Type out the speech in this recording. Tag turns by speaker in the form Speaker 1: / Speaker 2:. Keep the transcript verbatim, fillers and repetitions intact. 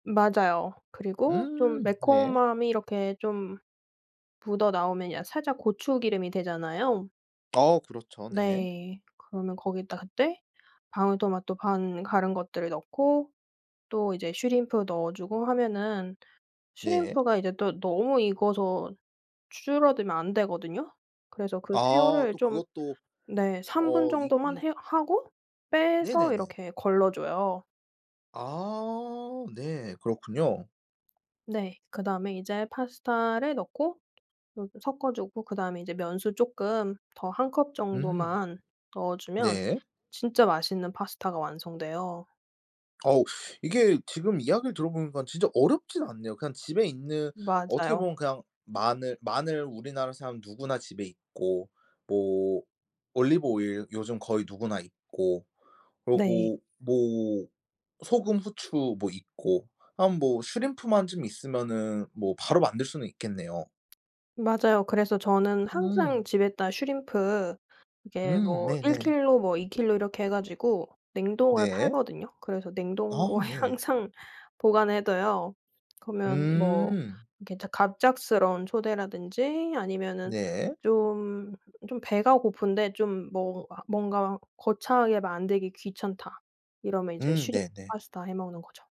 Speaker 1: 맞아요. 그리고 쫌
Speaker 2: 음 네.
Speaker 1: 매콤함이 이렇게 좀 묻어나오면 약 살짝 고추기름이 되잖아요.
Speaker 2: 어 그렇죠. 네.
Speaker 1: 네. 그러면 거기다 그때 방울토마토 반 갈은 것들을 넣고 또 이제 슈림프 넣어주고 하면은
Speaker 2: 네.
Speaker 1: 슈림프가 이제 또 너무 익어서 줄어들면 안 되거든요. 그래서 그
Speaker 2: 아
Speaker 1: 새우를
Speaker 2: 또
Speaker 1: 좀
Speaker 2: 그것도
Speaker 1: 네 삼 분
Speaker 2: 어
Speaker 1: 정도만
Speaker 2: 익는
Speaker 1: 해 하고 빼서
Speaker 2: 네네네.
Speaker 1: 이렇게 걸러줘요.
Speaker 2: 아 네 그렇군요.
Speaker 1: 네. 그다음에 이제 파스타를 넣고 그리고 섞어주고 그다음에 이제 면수 쪼끔 더 한 컵
Speaker 2: 음.
Speaker 1: 정도만 넣어주면
Speaker 2: 네.
Speaker 1: 진짜 맛있는 파스타가 완성돼요.
Speaker 2: 어우 이게 지금 이야기를 들어보니깐 진짜 어렵진 않네요. 그냥 집에 있는 어떻게
Speaker 1: 맞아요.
Speaker 2: 보면 그냥 마늘 마늘 우리나라 사람 누구나 집에 있고 뭐 올리브 오일 요즘 거의 누구나 있고
Speaker 1: 네.
Speaker 2: 그러고 뭐 소금 후추 뭐 있고 한 뭐 슈림프만 좀 있으면은 뭐 바로 만들 수는 있겠네요.
Speaker 1: 맞아요. 그래서 저는
Speaker 2: 음.
Speaker 1: 항상 집에다 슈림프 이게
Speaker 2: 음
Speaker 1: 뭐 일
Speaker 2: 네네.
Speaker 1: 킬로, 뭐 이 킬로 이렇게 해 가지고 냉동을
Speaker 2: 네.
Speaker 1: 팔거든요. 그래서
Speaker 2: 아
Speaker 1: 냉동고에
Speaker 2: 네.
Speaker 1: 항상 보관을 해 둬요. 그러면 뭐
Speaker 2: 음.
Speaker 1: 이렇게 작 갑작스러운 초대라든지 아니면은
Speaker 2: 네.
Speaker 1: 좀 좀 배가 고픈데 좀 뭐 아 뭔가 거창하게 만들기 귀찮다 이러면 이제
Speaker 2: 음
Speaker 1: 슈림프
Speaker 2: 네네.
Speaker 1: 파스타 해 먹는 거죠.